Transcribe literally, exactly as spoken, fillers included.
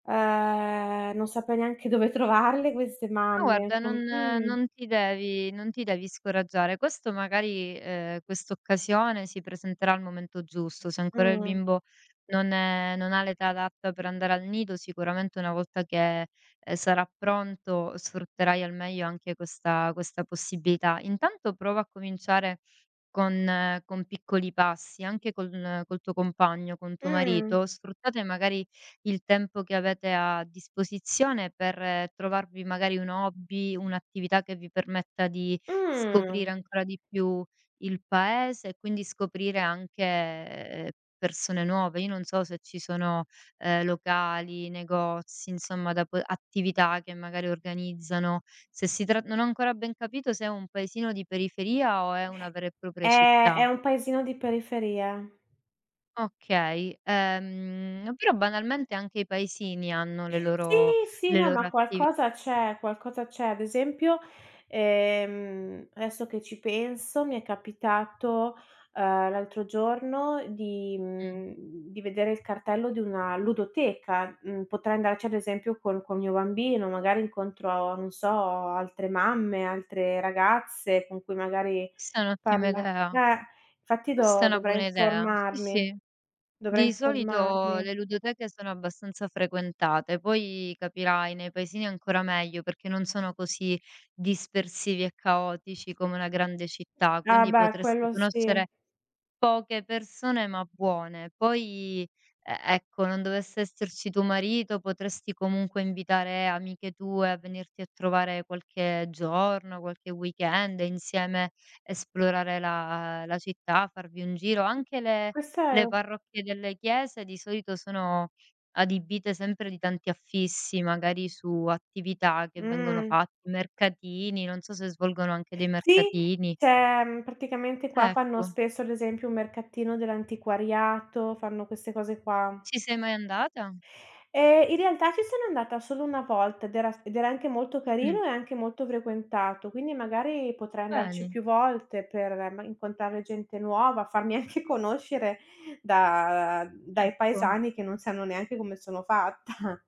Ehm, non saprei neanche dove trovarle queste Ma mamme, guarda non com mhmm. non ti devi non ti devi scoraggiare. Questo magari, ehm, quest'occasione si presenterà al momento giusto. Se Mh, ancora il mh. bimbo non è non ha l'età adatta per andare al nido, sicuramente una volta che, ehm, sarà pronto sfrutterai al meglio anche questa questa possibilità. Intanto prova a cominciare con con piccoli passi, anche con col tuo compagno, con tuo Mh. marito, sfruttate magari il tempo che avete a disposizione per trovarvi magari un hobby, un'attività che vi permetta di scoprire Mh. ancora di più il paese e quindi scoprire anche persone nuove. Io non so se ci sono, ehm, locali, negozi, insomma da po attività che magari organizzano, se si trat non ho ancora ben capito se è un paesino di periferia o è una vera e propria È città. è un paesino di periferia. Okay, ehm, però banalmente anche i paesini hanno le Sì, loro sì, le no, loro ma attivi qualcosa c'è, qualcosa c'è. Ad esempio, ehm, adesso che ci penso mi è capitato, ehm, l'altro giorno di Mh. mhmm, di vedere il cartello di una ludoteca. Mhmm, potrei andarci ad esempio col col mio bambino, magari incontro non so altre mamme, altre ragazze con cui magari Questa è un'ottima parla idea. eh fatti Questa è do una dovrei buona idea, sì, informarmi, sì. dovrei Di solito informarmi. le ludoteche sono abbastanza frequentate, poi capirai, nei paesini ancora meglio perché non sono così dispersivi e caotici come una grande città, Ah quindi beh, potresti quello sì. conoscere poche persone ma buone. Poi, e ecco non dovesse esserci tuo marito, potresti comunque invitare amiche tue a venirti a trovare qualche giorno, qualche weekend, insieme, esplorare la la città, farvi un giro. Anche le Questo è le u parrocchie delle chiese di solito sono adibite sempre di tanti affissi, magari su attività che vengono Mh. fatt mercatini, non so se svolgono anche dei Sì, mercatini. ceh, ehm, praticamente qua fanno Ecco. spesso, ad esempio, un mercatino dell'antiquariato, fanno queste cose qua. Ci sei mai andata? Ehm, in realtà ci sono andata solo una volta ed era s ed era anche molto Mh. carino e anche molto frequentato, quindi magari potrei andarci Bene. più volte per ma incontrare gente nuova, farmi anche conoscere da dai Ecco. paesani che non sanno neanche come sono fatta.